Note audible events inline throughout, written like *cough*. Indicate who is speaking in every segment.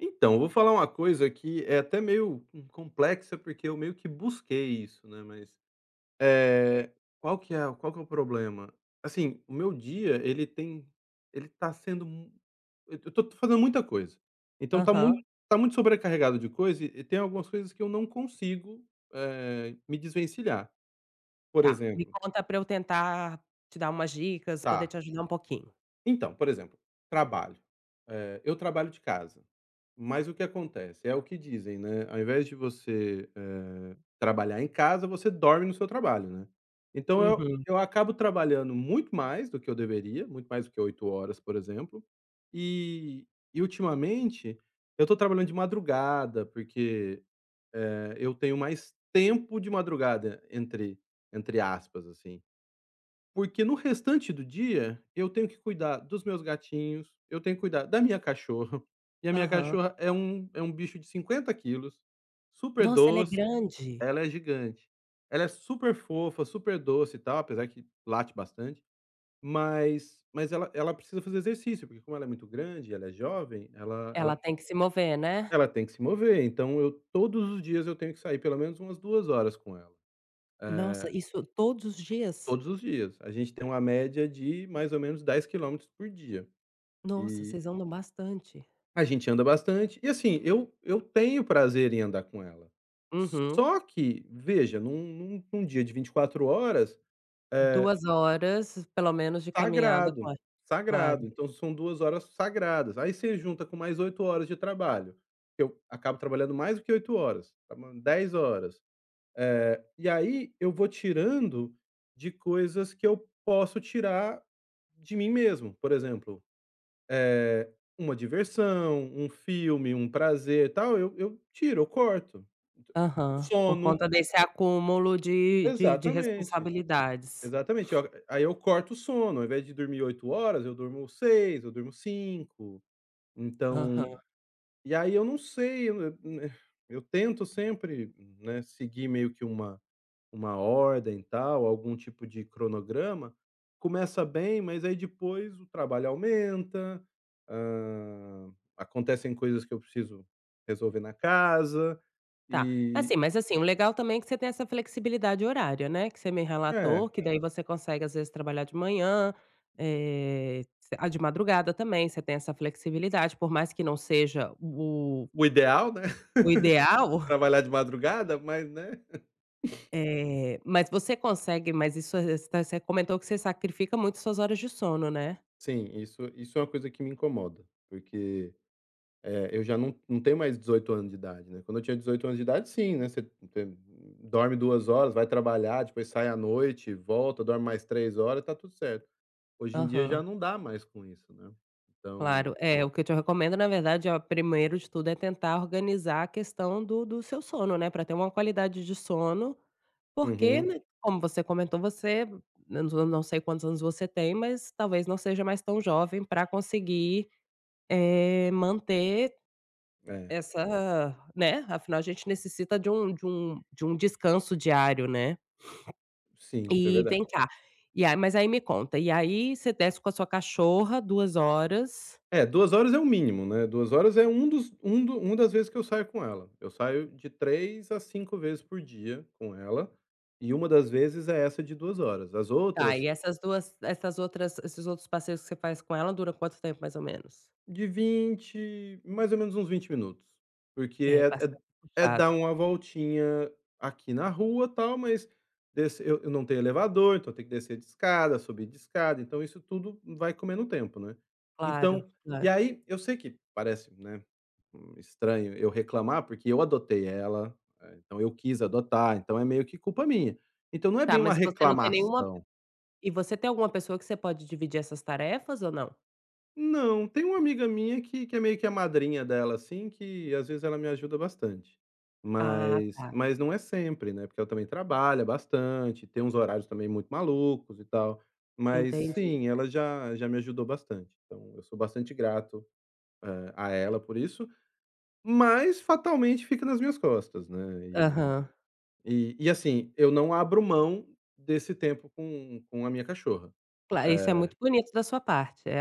Speaker 1: Então, vou falar uma coisa que é até meio, hum, complexa, porque eu meio que busquei isso, né, mas,
Speaker 2: É.
Speaker 1: eh, qual que é qual que é o problema, assim, o meu dia ele tem ele tá sendo mu eu tô tô fazendo muita coisa, então tá
Speaker 2: Aham.
Speaker 1: mui tá muito sobrecarregado de coisa e e tem algumas coisas que eu não consigo, eh, me desvencilhar, por
Speaker 2: Tá, me
Speaker 1: exemplo
Speaker 2: conta pra eu tentar te dar umas dicas, poder
Speaker 1: Tá.
Speaker 2: te ajudar um pouquinho.
Speaker 1: Então, por exemplo, trabalho, eh, eu trabalho de casa, mas o que acontece, é o que dizem, né, ao invés de você, eh, trabalhar em casa, você dorme no seu trabalho, né. Então eu
Speaker 2: Uhum.
Speaker 1: eu acabo trabalhando muito mais do que eu deveria, muito mais do que 8 horas, por exemplo, e e ultimamente, eu tô trabalhando de madrugada, porque, eh, eu tenho mais "tempo" de madrugada, entre entre aspas, assim, porque no restante do dia eu tenho que cuidar dos meus gatinhos, eu tenho que cuidar da minha cachorra, e a minha
Speaker 2: Aham.
Speaker 1: cachorra é um é um bicho de 50 quilos, super
Speaker 2: Nossa, ela é
Speaker 1: doce
Speaker 2: grande.
Speaker 1: ela é gigante, ela é superfofa, super doce e tal, apesar que late bastante, mas mas ela ela precisa fazer exercício, porque como ela é muito grande, ela é jovem, ela
Speaker 2: Ela
Speaker 1: ela
Speaker 2: tem que se mover, né.
Speaker 1: ela tem que se mover. Então eu todos os dias eu tenho que sair pelo menos umas 2 horas com ela,
Speaker 2: Nossa,
Speaker 1: eh
Speaker 2: isso todos os dias?
Speaker 1: Todos os dias. A gente tem uma média de mais ou menos 10 quilômetros por dia.
Speaker 2: Nossa,
Speaker 1: E
Speaker 2: vocês andam bastante.
Speaker 1: A gente anda bastante. E, assim, eu eu tenho prazer em andar com ela,
Speaker 2: Uhum.
Speaker 1: só que, veja, num num num dia de 24 horas, eh
Speaker 2: 2 horas pelo menos de caminhada,
Speaker 1: Sagrado,
Speaker 2: fora
Speaker 1: sagrado.
Speaker 2: Claro.
Speaker 1: Então são 2 horas sagradas, aí você junta com mais 8 horas de trabalho, que eu acabo trabalhando mais do que 8 horas, trabalhando 10 horas, eh, e aí eu vou tirando de coisas que eu posso tirar de mim mesmo, por exemplo, eh, uma diversão, um filme, um prazer, tal, eu eu tiro, eu corto,
Speaker 2: Aham. Por
Speaker 1: sono
Speaker 2: conta desse acúmulo de de de
Speaker 1: Exatamente,
Speaker 2: responsabilidades.
Speaker 1: exatamente.
Speaker 2: *sniffs*
Speaker 1: Ó, aí eu corto o sono, ao invés de dormir 8 horas, eu durmo 6, eu durmo 5, então
Speaker 2: Aham.
Speaker 1: e aí eu não sei, eu eu n eh, eu tento sempre, né, seguir meio que uma uma ordem e tal, algum tipo de cronograma, começa bem, mas aí depois o trabalho aumenta, hã, acontecem coisas que eu preciso resolver na casa
Speaker 2: Tá. Assim
Speaker 1: e
Speaker 2: mas, assim, o legal também é que você tem essa flexibilidade horária, né, que você me
Speaker 1: É.
Speaker 2: relatou, que daí você consegue, às vezes, trabalhar de manhã, eh, você ah, de madrugada também, você tem essa flexibilidade, por mais que não seja o
Speaker 1: O ideal, né,
Speaker 2: o
Speaker 1: *laughs*
Speaker 2: ideal
Speaker 1: trabalhar de madrugada, mas né. *chuckles*
Speaker 2: Eh, mas você consegue mas isso voc você comentou que você sacrifica muito suas horas de sono, né.
Speaker 1: Sim, isso isso é uma coisa que me incomoda, porque, eh, eu já não não tenho mais 18 anos de idade, né, quando eu tinha 18 anos de idade, sim, né, você tem dorme 2 horas, vai trabalhar, depois sai à noite, volta, dorme mais 3 horas, tá tudo certo. Hoje em dia já
Speaker 2: Aham.
Speaker 1: não dá mais com isso, né, então
Speaker 2: Claro. É, o que eu te recomendo, na verdade, ó, primeiro de tudo é tentar organizar a questão do do seu sono, né, pra ter uma qualidade de sono, porque,
Speaker 1: Uhum.
Speaker 2: né, como você comentou, você não s não sei quantos anos você tem, mas talvez não seja mais tão jovem pra conseguir, eh, manter
Speaker 1: É.
Speaker 2: essa né, afinal, a gente necessita de um de um de um descanso diário, né.
Speaker 1: Sim,
Speaker 2: *sniffs*
Speaker 1: isso é
Speaker 2: E
Speaker 1: verdade.
Speaker 2: vem cá, e a mas aí me conta, e aí você desce com a sua cachorra 2 horas
Speaker 1: É, 2 horas é o mínimo, né, 2 horas é um dos um do uma das vezes que eu saio com ela, eu saio de 3 a 5 vezes por dia com ela e 1 das vezes é essa de 2 horas, as
Speaker 2: Tá,
Speaker 1: outras
Speaker 2: e essas 2 essas outras esses outros passeios que você faz com ela duram quanto tempo, mais ou menos?
Speaker 1: De 20, mais ou menos uns 20 minutos, porque
Speaker 2: É,
Speaker 1: é é d
Speaker 2: bastante
Speaker 1: é dar
Speaker 2: puxado.
Speaker 1: uma voltinha aqui na rua, tal, mas desç eu eu não tenho elevador, então eu tenho que descer de escada, subir de escada, então isso tudo vai comendo tempo, né.
Speaker 2: Claro,
Speaker 1: Então e
Speaker 2: claro.
Speaker 1: aí eu sei que parece, né, hum, estranho eu reclamar, porque eu adotei ela, eh, então eu quis adotar, então é meio que culpa minha, então não é
Speaker 2: Tá,
Speaker 1: bem uma
Speaker 2: mas e você não tem nenhuma p
Speaker 1: reclamação.
Speaker 2: e você tem alguma pessoa que você pode dividir essas tarefas ou não?
Speaker 1: Não, tem uma amiga minha que que é meio que a madrinha dela, assim, que, às vezes, ela me ajuda bastante.
Speaker 2: Ah,
Speaker 1: Mas
Speaker 2: tá.
Speaker 1: mas não é sempre, né, porque ela também trabalha bastante, tem uns horários também muito malucos e tal. Mas
Speaker 2: Entendi.
Speaker 1: sim, ela já já me ajudou bastante, então eu sou bastante grato, eh, a ela por isso, mas fatalmente fica nas minhas costas, né, e
Speaker 2: Aham.
Speaker 1: e e, assim, eu não abro mão desse tempo com com a minha cachorra,
Speaker 2: Cla isso é
Speaker 1: eh
Speaker 2: muito bonito da sua parte, é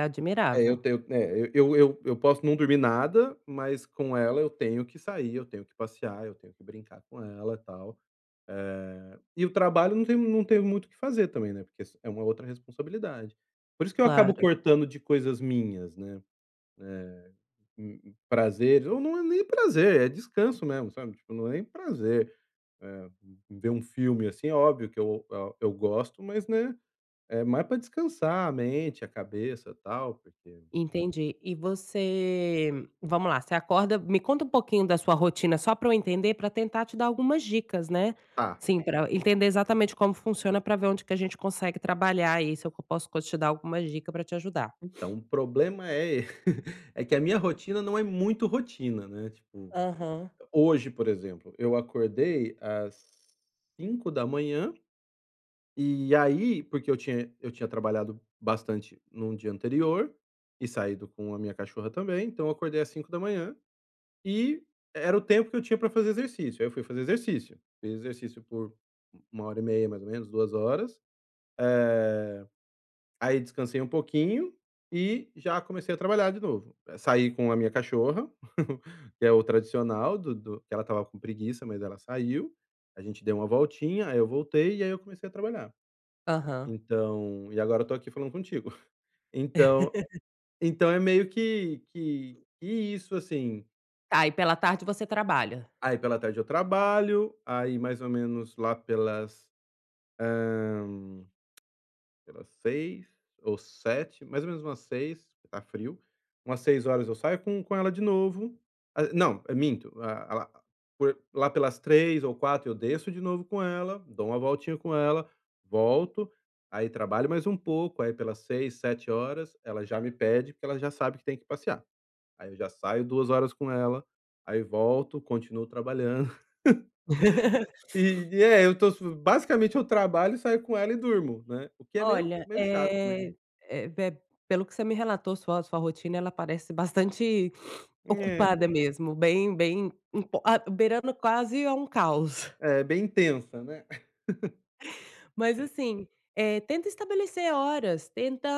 Speaker 1: É, eu
Speaker 2: admirável.
Speaker 1: tenho né, eu eu eu posso não dormir nada, mas com ela eu tenho que sair, eu tenho que passear, eu tenho que brincar com ela, tal, eh, e o trabalho não tenho não tenho muito o que fazer também, né, porque s é uma outra responsabilidade. Por isso que eu acabo
Speaker 2: Claro.
Speaker 1: cortando de coisas minhas, né, eh, hum, prazer, ou não é nem prazer, é descanso mesmo, sabe, tipo, não é nem prazer, eh, ver um filme assim, é óbvio que eu eu gosto, mas, né, é mais pra descansar a mente, a cabeça, tal, porque
Speaker 2: Entendi, e você vamos lá, você acorda me conta um pouquinho da sua rotina, só pra eu entender, pra tentar te dar algumas dicas, né,
Speaker 1: Tá.
Speaker 2: assim, pra entender exatamente como funciona, pra ver onde que a gente consegue trabalhar aí, se eu co posso te dar alguma dica pra te ajudar.
Speaker 1: Então,
Speaker 2: *sniffs*
Speaker 1: o problema é e *laughs* é que a minha rotina não é muito rotina, né, tipo, ho
Speaker 2: Aham.
Speaker 1: hoje, por exemplo, eu acordei às 5h e aí porque eu tinha eu tinha trabalhado bastante no dia anterior e saído com a minha cachorra também, então eu acordei às 5h e era o tempo que eu tinha pra fazer exercício. Aí eu fui fazer exercício, fiz exercício por 1 hora e meia mais ou menos, 2 horas, eh, aí descansei um pouquinho e já comecei a trabalhar de novo, eh, saí com a minha cachorra, *chuckles* que é o tradicional do do que ela estava com preguiça, mas ela saiu, a gente deu uma voltinha, aí eu voltei e aí eu comecei a trabalhar.
Speaker 2: Aham.
Speaker 1: Então e agora eu tô aqui falando contigo. *chuckles* Então
Speaker 2: *laughs*
Speaker 1: então é meio que que que isso, assim.
Speaker 2: Tá, e pela tarde você trabalha?
Speaker 1: Aí pela tarde eu trabalho, aí mais ou menos lá pelas, hã, *clicks tongue* pelas 18h ou 19h mais ou menos umas 18h porque tá frio, umas 18h eu saio com com ela de novo, ah, não, minto, ah, lá por lá pelas 15h ou 16h eu desço de novo com ela, dou uma voltinha com ela, volto, aí trabalho mais um pouco, aí pelas 18h, 19h, ela já me pede, porque ela já sabe que tem que passear, aí eu já saio 2 horas com ela, aí volto, continuo trabalhando,
Speaker 2: *laughs*
Speaker 1: *laughs* e
Speaker 2: *sniffs*
Speaker 1: e É, eu tô sa basicamente eu trabalho, saio com ela e durmo, né, o que é meio
Speaker 2: Olha,
Speaker 1: meio chato mesmo.
Speaker 2: eh eh, p pelo que você me relatou, sua sua rotina, ela parece bastante *sniffs*
Speaker 1: É.
Speaker 2: ocupada mesmo, bem bem imp a beirando quase a um caos.
Speaker 1: É bem intensa, né. *chuckles*
Speaker 2: Mas, assim, eh, tenta estabelecer horas, tenta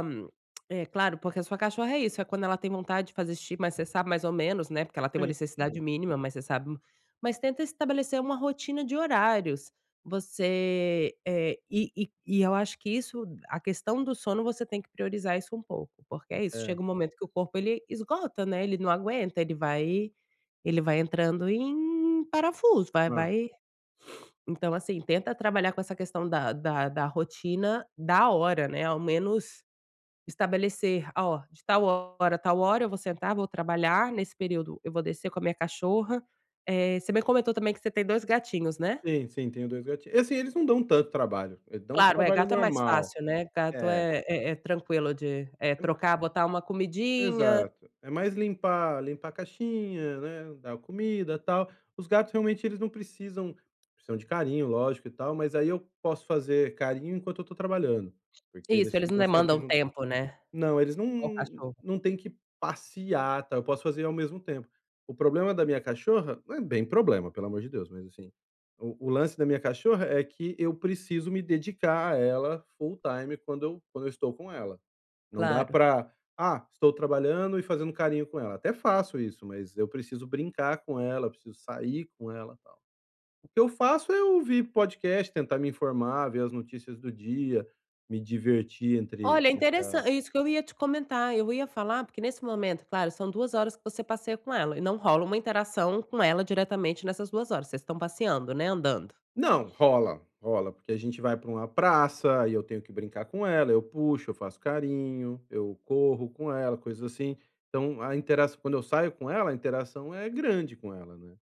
Speaker 2: *clicks tongue* eh, claro, porque a sua cachorra é isso, é quando ela tem vontade de fazer xixi, mas você sabe mais ou menos, né, porque ela tem uma
Speaker 1: Sei,
Speaker 2: necessidade
Speaker 1: hum.
Speaker 2: mínima, mas você sabe mas tenta estabelecer uma rotina de horários, você eh, e e e eu acho que isso, a questão do sono, você tem que priorizar isso um pouco, porque é isso,
Speaker 1: Hã.
Speaker 2: chega um momento que o corpo ele esgota, né, ele não aguenta, ele vai ele vai entrando em parafuso, vai
Speaker 1: Hã.
Speaker 2: vai *sniffs* Então, assim, tenta trabalhar com essa questão da da da rotina, da hora, né, ao menos estabelecer: "Ó, de tal hora a tal hora eu vou sentar, vou trabalhar, nesse período eu vou descer com a minha cachorra", eh, você me comentou também que você tem 2 gatinhos, né.
Speaker 1: Sim, sim, tenho 2 gatin assim, eles não dão tanto trabalho, eles dão o
Speaker 2: Claro. É,
Speaker 1: trabalho
Speaker 2: gato é mais
Speaker 1: normal.
Speaker 2: fácil, né, gato
Speaker 1: É.
Speaker 2: é é é tranquilo de, eh,
Speaker 1: E
Speaker 2: trocar, botar uma comidinha
Speaker 1: Exato. É mais limpar limpar a caixinha, né, dar comida, tal, os gatos realmente eles não precisam precisam de carinho, lógico e tal, mas aí eu posso fazer carinho enquanto eu tô trabalhando, porque
Speaker 2: Isso,
Speaker 1: eles
Speaker 2: eles não
Speaker 1: ficam sempre
Speaker 2: demandam
Speaker 1: junto
Speaker 2: tempo, né,
Speaker 1: Não, eles não
Speaker 2: igual
Speaker 1: não
Speaker 2: cachorro.
Speaker 1: não têm que passear, tal, eu posso fazer ao mesmo tempo. O problema da minha cachorra, não é bem problema, pelo amor de Deus, mas assim, o o lance da minha cachorra é que eu preciso me dedicar a ela full time quando eu quando eu estou com ela, não dá
Speaker 2: Claro.
Speaker 1: pra: "Ah, estou trabalhando e fazendo carinho com ela", até faço isso, mas eu preciso brincar com ela, eu preciso sair com ela e tal. O que eu faço é ouvir podcast, tentar me informar, ver as notícias do dia, me divertir entre
Speaker 2: Olha,
Speaker 1: entre a
Speaker 2: interessan isso que eu ia te comentar, eu ia falar, porque nesse momento, claro, são 2 horas que você passeia com ela e não rola uma interação com ela diretamente nessas 2 horas, vocês estão passeando, né, andando.
Speaker 1: Não, rola, rola, porque a gente vai pra uma praça e eu tenho que brincar com ela, eu puxo, eu faço carinho, eu corro com ela, coisas assim, então a interaç quando eu saio com ela, a interação é grande com ela, né,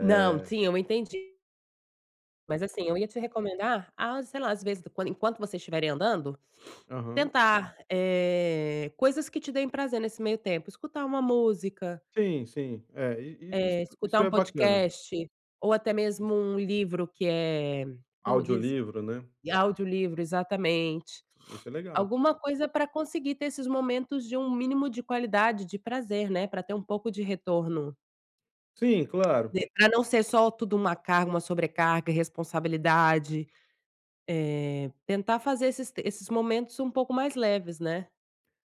Speaker 2: Não, sim, eu entendi. Mas assim, eu ia te recomendar a, sei lá, às vezes, quando enquanto vocês tiverem andando,
Speaker 1: Aham.
Speaker 2: tentar, eh, coisas que te deem prazer nesse meio tempo, escutar uma música
Speaker 1: Sim, sim, é, i i isso
Speaker 2: eh, escutar
Speaker 1: isso
Speaker 2: um
Speaker 1: é bacana.
Speaker 2: podcast ou até
Speaker 1: Iss
Speaker 2: mesmo um livro que é como diz,
Speaker 1: Audiolivro, né.
Speaker 2: audiolivro, exatamente,
Speaker 1: Isso é legal
Speaker 2: alguma
Speaker 1: também.
Speaker 2: coisa pra conseguir ter esses momentos de um mínimo de qualidade, de prazer, né, pra ter um pouco de retorno.
Speaker 1: Sim, claro.
Speaker 2: Pode pra não ser só tudo uma carga, uma sobrecarga, e responsabilidade, eh, tentar fazer esses te esses momentos um pouco mais leves, né.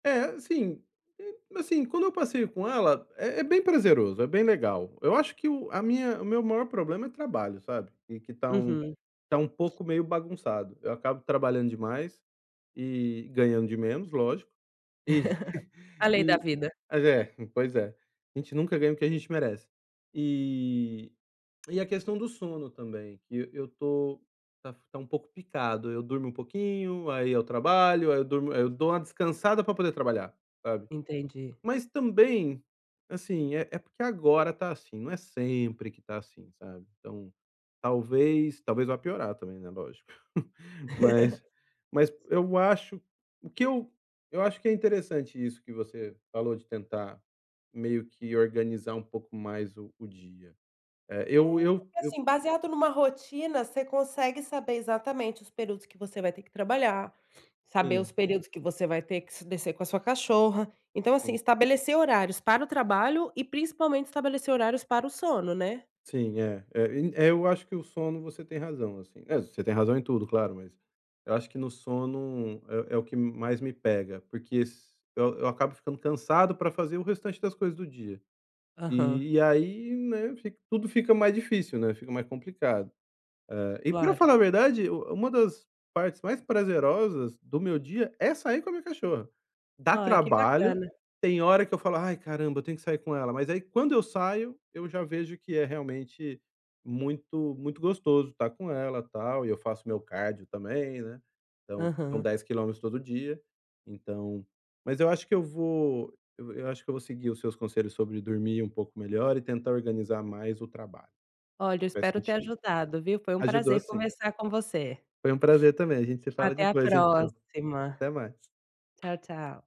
Speaker 1: É, sim, hum, assim, quando eu passeio com ela, é é bem prazeroso, é bem legal, eu acho que o a minha o meu maior problema é trabalho, sabe, que tá um
Speaker 2: Uhum.
Speaker 1: tá um pouco meio bagunçado, eu acabo trabalhando demais e ganhando de menos, lógico, e *chuckles*
Speaker 2: *laughs* A lei da
Speaker 1: e
Speaker 2: vida.
Speaker 1: mas é, pois é, a gente nunca ganha o que a gente merece, e e a questão do sono também, que eu tô tá tá um pouco picado, eu durmo um pouquinho, aí eu trabalho, aí eu durmo aí eu dou uma descansada pra poder trabalhar, sabe.
Speaker 2: Entendi.
Speaker 1: Mas também, assim, é é porque agora tá assim, não é sempre que tá assim, sabe, então, talvez, talvez vá piorar também, né, lógico, *chuckles* mas mas
Speaker 2: *laughs*
Speaker 1: eu acho o que eu eu acho que é interessante isso que você falou de tentar meio que organizar um pouco mais o o dia, eh, eu
Speaker 2: Eh,
Speaker 1: eu
Speaker 2: porque
Speaker 1: eu
Speaker 2: assim, baseado numa rotina, você consegue saber exatamente os períodos que você vai ter que trabalhar, saber
Speaker 1: Sim.
Speaker 2: os períodos que você vai ter que se descer com a sua cachorra, então assim,
Speaker 1: Sim.
Speaker 2: estabelecer horários para o trabalho e principalmente estabelecer horários para o sono, né.
Speaker 1: Sim, é é, e eu acho que o sono, você tem razão, assim, eh, você tem razão em tudo, claro, mas eu acho que no sono, é é o que m mais me pega, porque s eu eu acabo ficando cansado pra fazer o restante das coisas do dia.
Speaker 2: Aham.
Speaker 1: E aí, né, fica, tudo fica mais difícil, né, fica mais complicado, hã, e pra
Speaker 2: Claro.
Speaker 1: falar a verdade u uma das partes mais prazerosas do meu dia é sair com a minha cachorra, dá
Speaker 2: Ai, que
Speaker 1: trabalho,
Speaker 2: bacana.
Speaker 1: tem hora que eu falo: "Ai, caramba, eu tenho que sair com ela", mas aí, quando eu saio, eu já vejo que é realmente muito, muito gostoso tá com ela, tal, e eu faço meu cardio também, né, então são
Speaker 2: Aham.
Speaker 1: 10 km todo dia. Então, mas eu acho que eu vou eu eu acho que eu vou seguir os seus conselhos sobre dormir um pouco melhor e tentar organizar mais o trabalho,
Speaker 2: Olha,
Speaker 1: que
Speaker 2: eu
Speaker 1: faz
Speaker 2: espero ter
Speaker 1: sentido.
Speaker 2: ajudado, viu, foi um
Speaker 1: Ajudou,
Speaker 2: prazer
Speaker 1: sim.
Speaker 2: conversar com você.
Speaker 1: Foi um prazer também, a gente se fala
Speaker 2: Até a
Speaker 1: depois, então,
Speaker 2: próxima,
Speaker 1: até mais.
Speaker 2: tchau, tchau.